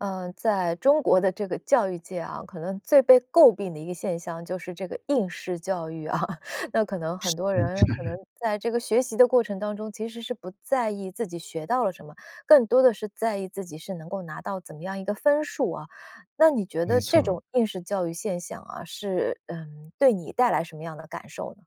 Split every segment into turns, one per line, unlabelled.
呃，在中国的这个教育界啊，可能最被诟病的一个现象就是这个应试教育啊，那可能很
是，
多
嗯，
人可能
是。
在这个学习的过程当中其实是不在意自己学到了什么，更多的是在意自己是能够拿到怎么样一个分数啊。那你觉得
没错
这
儿。
种应试教育现象啊，是，嗯，对你带来什么样的感受呢？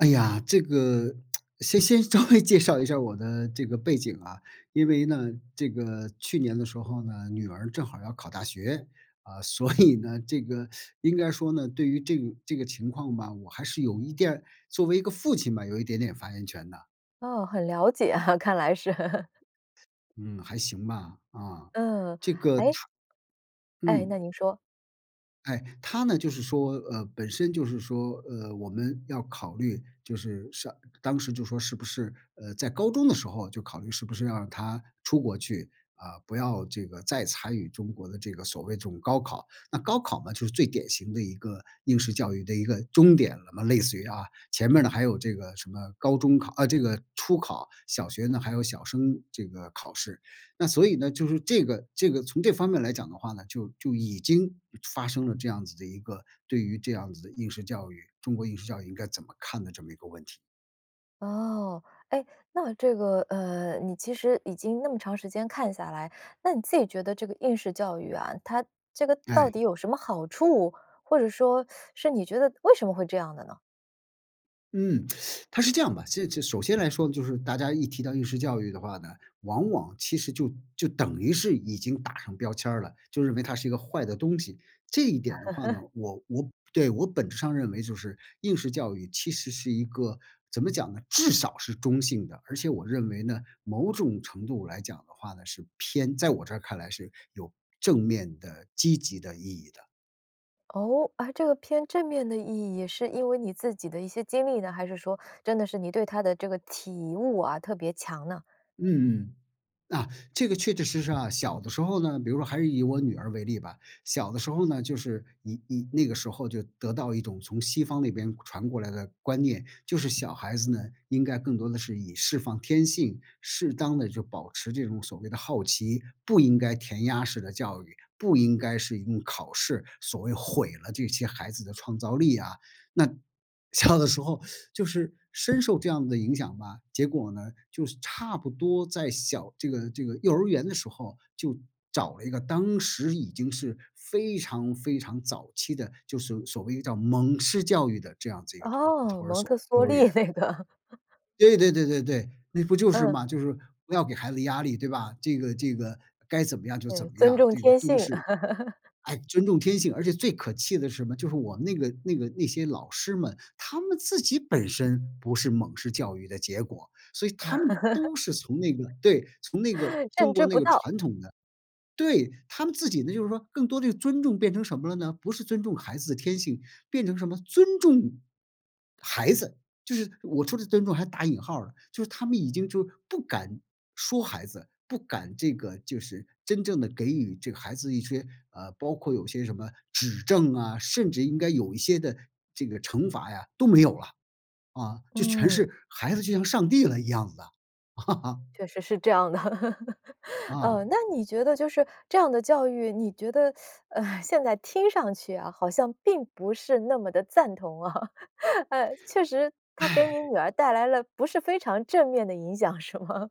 哎呀，这个 先先稍微介绍一下我的这个背景啊，因为呢，这个去年的时候呢，女儿正好要考大学，呃，所以呢，这个应该说呢，对于这个这个情况吧，我还是有一点儿作为一个父亲吧，有一点点发言权的。
哦，很了解啊，看来是。
嗯，还行吧，啊。
嗯，
这个她
哎哎，
嗯。
那您说。
哎，她呢就是说呃，本身就是说，呃，我们要考虑就是上当时就说是不是呃，在高中的时候就考虑是不是要让她出国去，呃，不要这个再参与中国的这个所谓这种高考。那高考嘛，就是最典型的一个应试教育的一个终点了嘛类似于啊，前面儿呢，还有这个什么高中考啊这个初考，小学呢还有小升这个考试。那所以呢，就是这个这个从这方面来讲的话呢，就就已经发生了这样子的一个对于这样子的应试教育，中国应试教育应该怎么看的这么一个问题。
哦，哎，那这个，呃，你其实已经那么长时间看下来，那你自己觉得这个应试教育啊，它这个到
哎。
底有什么好处？或者说 是你觉得为什么会这样的呢？
嗯，它是这样的，这首先来说呢，就是大家一提到应试教育的话呢，往往其实就就等于是已经打上标签儿了，就认为它是一个坏的东西，这一点儿的话呢，我我对，我本质上认为就是应试教育其实是一个怎么讲呢？至少是中性的。而且我认为呢，某种程度来讲的话呢，是偏在我这儿看来是有正面的积极的意义的。
哦，啊这个偏正面的意义是因为你自己的一些经历呢？还是说真的是你对它的这个体悟啊特别强呢？
嗯嗯，啊，这个确确实实啊，小的时候呢比如说还是以我女儿为例吧，小的时候呢，就是你你那个时候就得到一种从西方那边传过来的观念，就是小孩子呢，应该更多的是以释放天性，适当地就保持这种所谓的好奇，不应该填鸭式的教育，不应该是用考试所谓毁了这些孩子的创造力啊。那小的时候就是深受这样的影响吧，结果呢，就是差不多在小这个这个幼儿园的时候就找了一个，当时已经是非常非常早期的，就是所所谓叫蒙式教育的这样子一个托
哦，
托儿
蒙特
所幼
梭
儿园。
利那个。
对对对对对，那不就是
嗯。
嘛，就是不要给孩子压力对吧？这个这个该怎么样就怎
对，
么
尊
样，
重
这个
天
都
性。
是 哎，尊重天性，而且最可气的是什么？就是我们那个那个那些老师们，他们自己本身不是蒙式教育的结果，所以他们都 是从那个对，从那个 中
认知
国那
不
个
到。
传统的对，他们自己呢，就是说更多地是尊重变成什么了呢？不是尊重孩子的天性，变成什么？“尊重”孩子，就是我说的“尊重”还打引号了。就是他们已经就不敢说孩子，不敢这个就是真正地给予这个孩子一些，呃，包括有些什么指正啊，甚至应该有一些的这个惩罚呀都没有了，啊，就全
嗯。
是孩子就像上帝了一样的啊。
确实是这样的。呃，
啊。
那你觉得就是这样的教育，你觉得，呃，现在听上去啊，好像并不是那么的赞同啊，呃，确实它给你 女儿带来了不是非常正面的影响，是吗？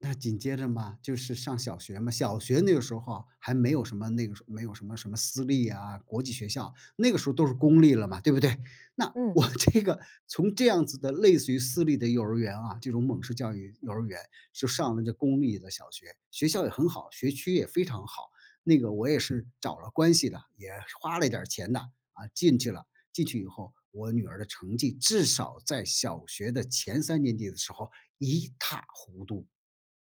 那紧接着嘛，就是上小学嘛，小学那个时候还没有什么那个时候没有什么什么私立啊，国际学校，那个时候都是公立了嘛，对不对？那
嗯。
我这个从这样子的类似于私立的幼儿园啊这种蒙氏教育幼儿园就上了这公立的小学，学校也很好，学区也非常好，那个我也是找了关系的，也花了一点儿钱的，啊，进去了。进去以后，我女儿的成绩至少在小学的前3年级的时候一塌糊涂。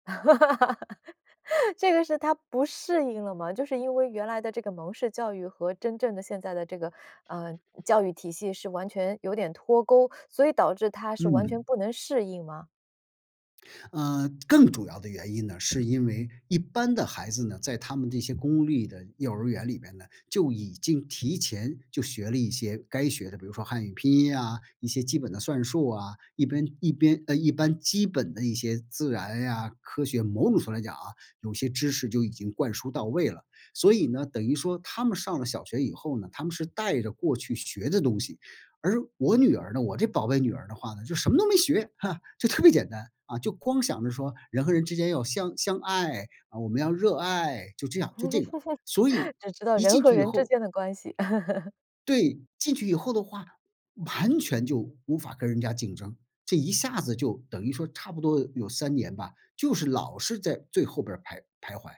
这个是她不适应了吗？就是因为原来的这个蒙氏教育和真正的现在的这个，呃，教育体系是完全有点脱钩，所以导致她是完全
嗯。
不能适应吗？
呃，更主要的原因呢，是因为一般的孩子呢，在他们这些公立的幼儿园里面呢，就已经提前就学了一些该学的比如说汉语拼音啊，一些基本的算术啊，一边一边，呃，一般基本的一些自然呀、科学某种程度上来讲啊，有些知识就已经灌输到位了。所以呢，等于说他们上了小学以后呢，他们是带着过去学的东西，而我女儿呢我这宝贝女儿的话呢，就什么都没学哈，就特别简单，啊，就光想着说人和人之间要相相爱啊，我们要热爱，就这样就这个，所以
只知道
一
人
进
和
去以
人之
后
间的关系。
对，进去以后的话，完全就无法跟人家竞争。这一下子就等于说差不多有3年吧，就是老是在最后边儿徘徘徊。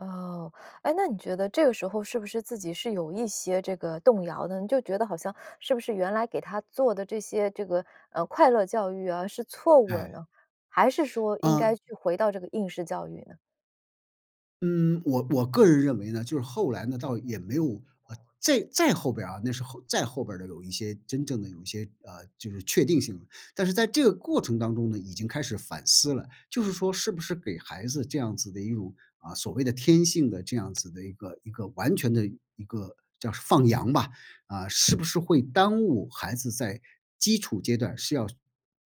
哦，诶，那你觉得这个时候是不是自己是有一些这个动摇的，你就觉得好像是不是原来给他做的这些这个，呃，快乐教育啊是错误了
哎。
呢？还是说应该
嗯。
去回到这个应试教育呢？
嗯，我我个人认为呢，就是后来呢，倒也没有啊，再再后面边儿啊那是后再后面边儿的有一些真正的有一些，呃，就是确定性。但是在这个过程当中呢，已经开始反思了。就是说是不是给孩子这样子的一种，啊，所谓的天性的这样子的一个一个完全的一个叫放羊吧，啊，是不是会耽误孩子在基础阶段是要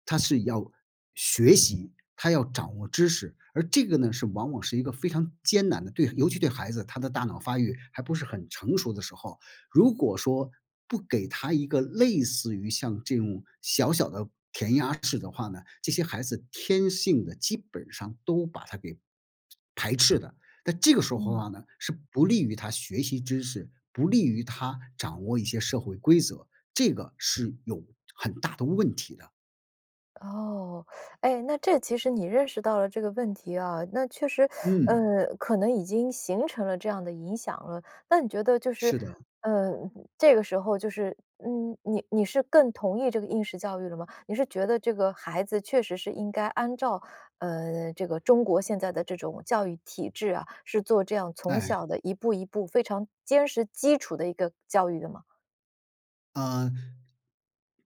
他是要学习，他要掌握知识。而这个呢是往往是一个非常艰难的，对尤其对孩子他的大脑发育还不是很成熟的时候，如果说不给他一个类似于像这种小小的填鸭式的话呢，这些孩子天性地基本上都把它给排斥的。但这个时候的
嗯。
话呢，是不利于他学习知识，不利于他掌握一些社会规则。这个是有很大的问题的。
哦，哎，那这其实你认识到了这个问题啊，那确实，
嗯。
呃，可能已经形成了这样的影响了，那你觉得就是，
是的。
呃，这个时候就是嗯，你你是更同意这个应试教育了吗？你是觉得这个孩子确实是应该按照，呃，这个中国现在的这种教育体制啊，是做这样从小
哎。
的一步一步非常坚实基础的一个教育的吗？
呃，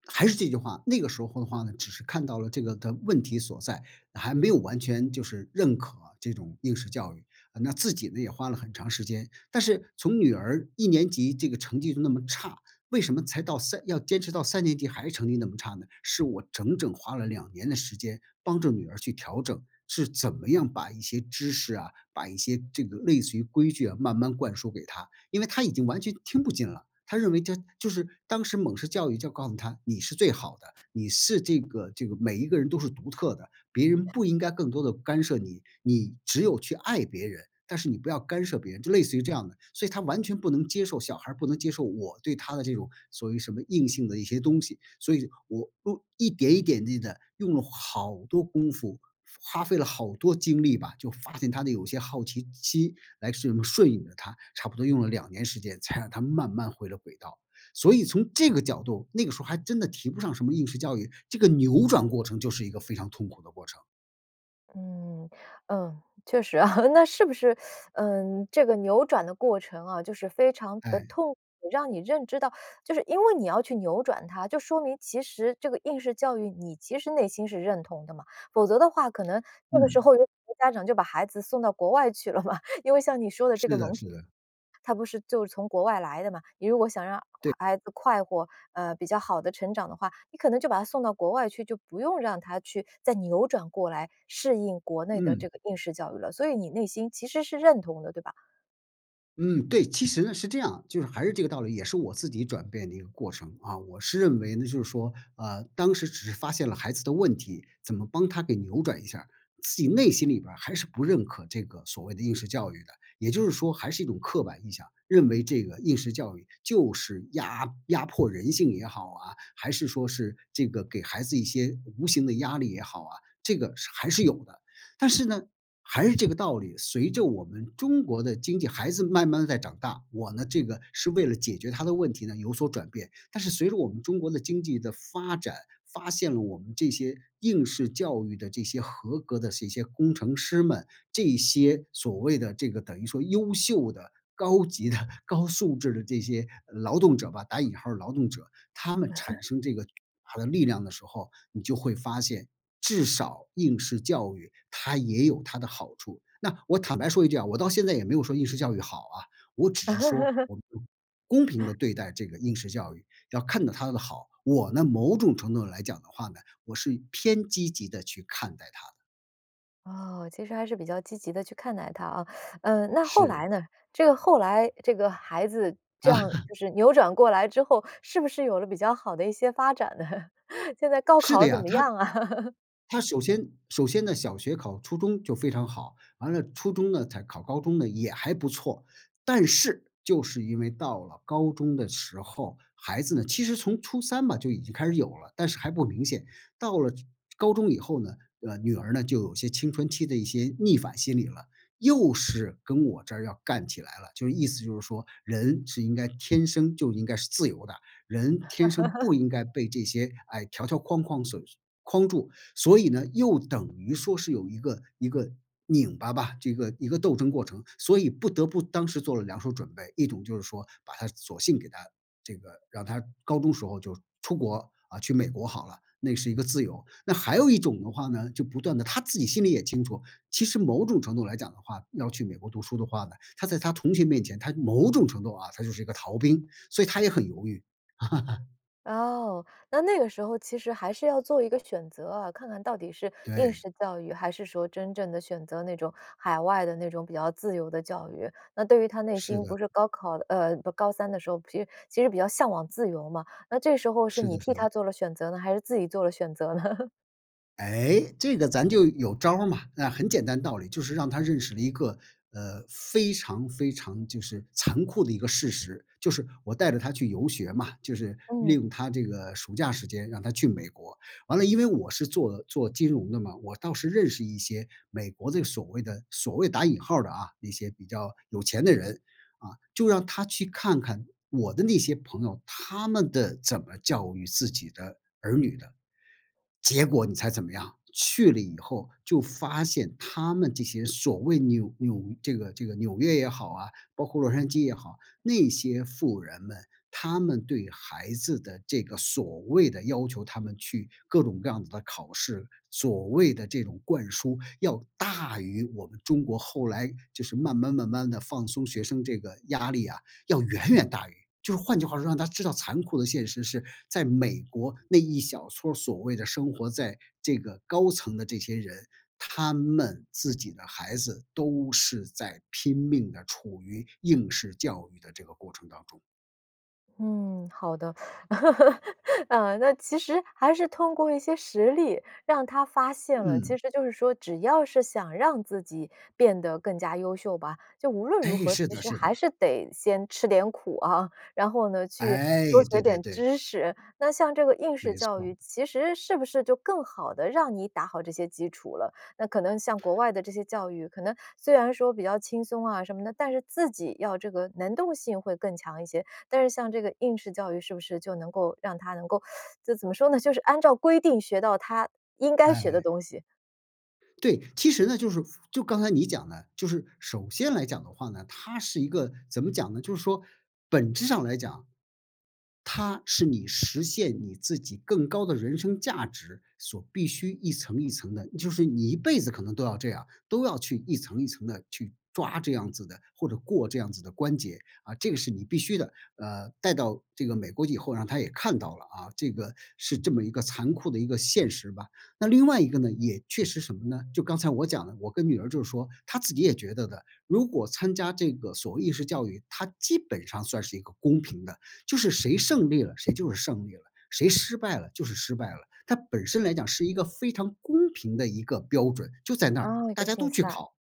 还是这句话，那个时候的话呢，只是看到了这个的问题所在，还没有完全就是认可这种应试教育。那自己呢也花了很长时间，但是从女儿一年级这个成绩就那么差，为什么才到三要坚持到三年级还是成绩那么差呢？是我整整花了2年的时间帮着女儿去调整，是怎么样把一些知识啊，把一些这个类似于规矩啊，慢慢灌输给她，因为她已经完全听不进了，她认为这就是当时美式教育就告诉她你是最好的，你是这个这个每一个人都是独特的，别人不应该更多地干涉你，你只有去爱别人，但是你不要干涉别人，就类似于这样的，所以她完全不能接受小孩儿不能接受我对她的这种所谓什么硬性的一些东西。所以我我一点一点一点地用了好多功夫，花费了好多精力吧，就发现她的有些好奇心来是顺应了她，差不多用了2年时间才让她慢慢回了轨道。所以从这个角度，那个时候还真的提不上什么应试教育，这个扭转过程就是一个非常痛苦的过程。
嗯嗯，确实啊，那是不是，呃，这个扭转的过程啊，就是非常的
哎。
痛苦，让你认知到就是因为你要去扭转她，就说明其实这个应试教育你其实内心是认同的嘛，否则的话，可能那个时
嗯。
候有很多家长就把孩子送到国外去了嘛，因为像你说的这个
是的
蒙
是的。
它不是就是从国外来的嘛，你如果想让
对。
孩子快活，呃，比较好的成长的话，你可能就把她送到国外去，就不用让她去再扭转过来，适应国内的
嗯。
这个应试教育了。所以你内心其实是认同的，对吧？
嗯，对，其实呢是这样，就是还是这个道理，也是我自己转变的一个过程啊。我是认为呢，就是说，呃，当时只是发现了孩子的问题，怎么帮她给扭转一下，自己内心里面还是不认可这个所谓的应试教育的，也就是说还是一种刻板印象，认为这个应试教育就是压压迫人性也好啊，还是说是这个给孩子一些无形的压力也好啊，这个还是有的。但是呢，还是这个道理，随着我们中国的经济孩子慢慢地在长大，我呢，这个是为了解决她的问题呢有所转变，但是随着我们中国的经济的发展，发现了我们这些应试教育的这些合格的这些工程师们，这些所谓的这个等于说优秀的，高级的、高素质的这些“劳动者”吧，打引号的“劳动者”，他们产 生这个他的力量的时候，你就会发现至少应试教育它也有它的好处。那我坦白说一句啊，我到现在也没有说应试教育好啊，我只是说 我们公平地 对待这个应试教育，要看到它的好，我呢，某种程度上来讲的话呢，我是偏积极地去看待它的。
哦，其实还是比较积极地去看待它啊，呃，那后
是。
来呢？这个后来这个孩子这样就 是扭转过来之后，是不是有了比较好的一些发展呢？现在高
是的
考怎
呀，
么
她
样啊？
她首先首先呢，小学考初中就非常好，完了初中呢才考高中呢，也还不错，但是就是因为到了高中的时候，孩子呢其实从初三吧就已经开始有了，但是还不明显，到了高中以后呢，呃，女儿呢就有一些青春期的一些逆反心理了，又是跟我这儿要干起来了，就是意思就是说人是应该天生就应该是自由的，人，天生不 应该被这些，哎，条条框框所框住，所以呢，又等于说是有一个一个拧巴吧，这个一个斗争过程，所以不得不当时做了两手准备。一种就是说把她索性给她这个让她高中时候就出国，呃，去美国好了，那是一个自由，那还有一种的话呢，就不断地她自己心里也清楚，其实某种程度来讲的话呢，要去美国读书的话呢，她在她同学面前，她某种程度啊，她就是一个逃兵，所以她也很犹豫。
哦，那那个时候其实还是要做一个选择啊，看看到底是应
对。
试教育，还是说真正地选择那种海外的那种比较自由的教育。那对于他内
是
心
的。
不是高考呃，不高三的时候，其实其实比较向往自由嘛，那这时候是
是
你
的是
替
的。
他做了选择呢，还是自己做了选择呢？
诶，这个咱就有招儿嘛。啊，很简单的道理，就是让他认识了一个，呃，非常非常，就是残酷的一个事实。就是我带着他去游学嘛，就是利
嗯。
用他这个暑假时间让他去美国，完了因为我是做做金融的嘛，我倒是认识一些美国的所谓的所谓打引号的啊，那些比较有钱的人，啊，就让他去看看我的那些朋友，他们的怎么教育自己的儿女的。结果你猜怎么样，去了以后就发现他们这些所谓纽纽这个这个纽约也好啊，包括洛杉矶也好，那些富人们，他们对孩子的这个所谓的要求他们去各种各样的考试，所谓的这种灌输，要大于我们中国后来就是慢慢慢慢地放松，学生这个压力啊，要远远大于就是换句话说，让他知道残酷的现实是，在美国那一小撮所谓的生活在这个高层的这些人，他们自己的孩子都是在拼命地处于应试教育的这个过程当中。
嗯，好的。嗯，那其实还是通过一些实例让她发现了其
嗯。
实就是说只要是想让自己变得更加优秀吧，就无论如
诶，
何，
是
其
的
实
是
还
的。
是得先吃点苦啊。然后呢，去多
哎，
学
对对
点
对。
知识，那像这个应试
没
教
错儿。
育，其实是不是就更好地让你打好这些基础了。那可能像国外的这些教育可能虽然说比较轻松啊什么的，但是自己要这个能动性会更强一些，但是像这个应试教育，是不是就能够让她能够 就怎么说呢？就是按照规定学到她应该学的
哎。
东西。
对，其实呢，就是就刚才你讲的就是首先来讲的话呢，它是一个怎么讲呢？就是说本质上来讲，它是你实现你自己更高的人生价值所必须一层一层的就是你一辈子可能都要这样，都要去一层一层地去抓这样子的或者过这样子的关节，啊，这个是你必须的。呃，带到这个美国以后，让她也看到了，啊，这个是这么一个残酷的一个现实吧。那另外一个呢，也确实什么呢？就刚才我讲的我跟女儿就是说她自己也觉得的，如果参加这个所谓应试教育，它基本上算是一个公平的，就是谁胜利了，谁就是胜利了，谁失败了就是失败了。它本身来讲是一个非常公平的一个标准，就在那
啊，一
大
个
家都
竞
去
赛，
考。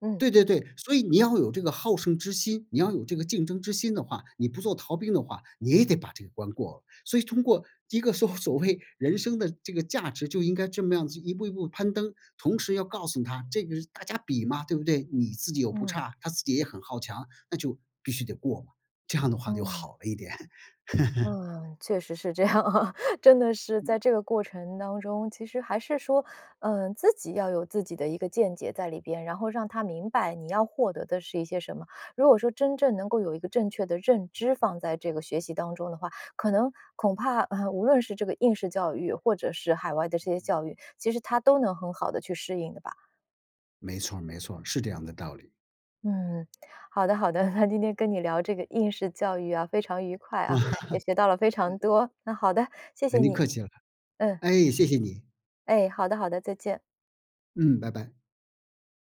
嗯。
对对对，所以你要有这个好胜之心，你要有这个竞争之心的话，你不做逃兵的话，你也得把这个关过了。所以通过一个说所谓人生的这个价值，就应该这么样子一步一步攀登，同时要告诉她这个是大家比嘛，对不对？你自己又不
嗯。
差，她自己也很好强，那就必须得过嘛，这样的话就
嗯。
好了一点。
嗯，确实是这样啊。真的是在
嗯。
这个过程当中，其实还是说，嗯，自己要有自己的一个见解在里边，然后让她明白你要获得的是一些什么。如果说真正能够有一个正确的认知放在这个学习当中的话，可能恐怕，呃，无论是这个应试教育或者是海外的这些教育，其实她都能很好地去适应的吧。
没错儿没错儿，是这样的道理。
嗯，好的好的，那今天跟你聊这个应试教育啊，非常愉快啊，也学到了 非常
嗯。
多，那好的，谢谢
您
你，
客气了，
嗯。
哎，谢谢你。
哎，好的好的，再见。
嗯，拜拜。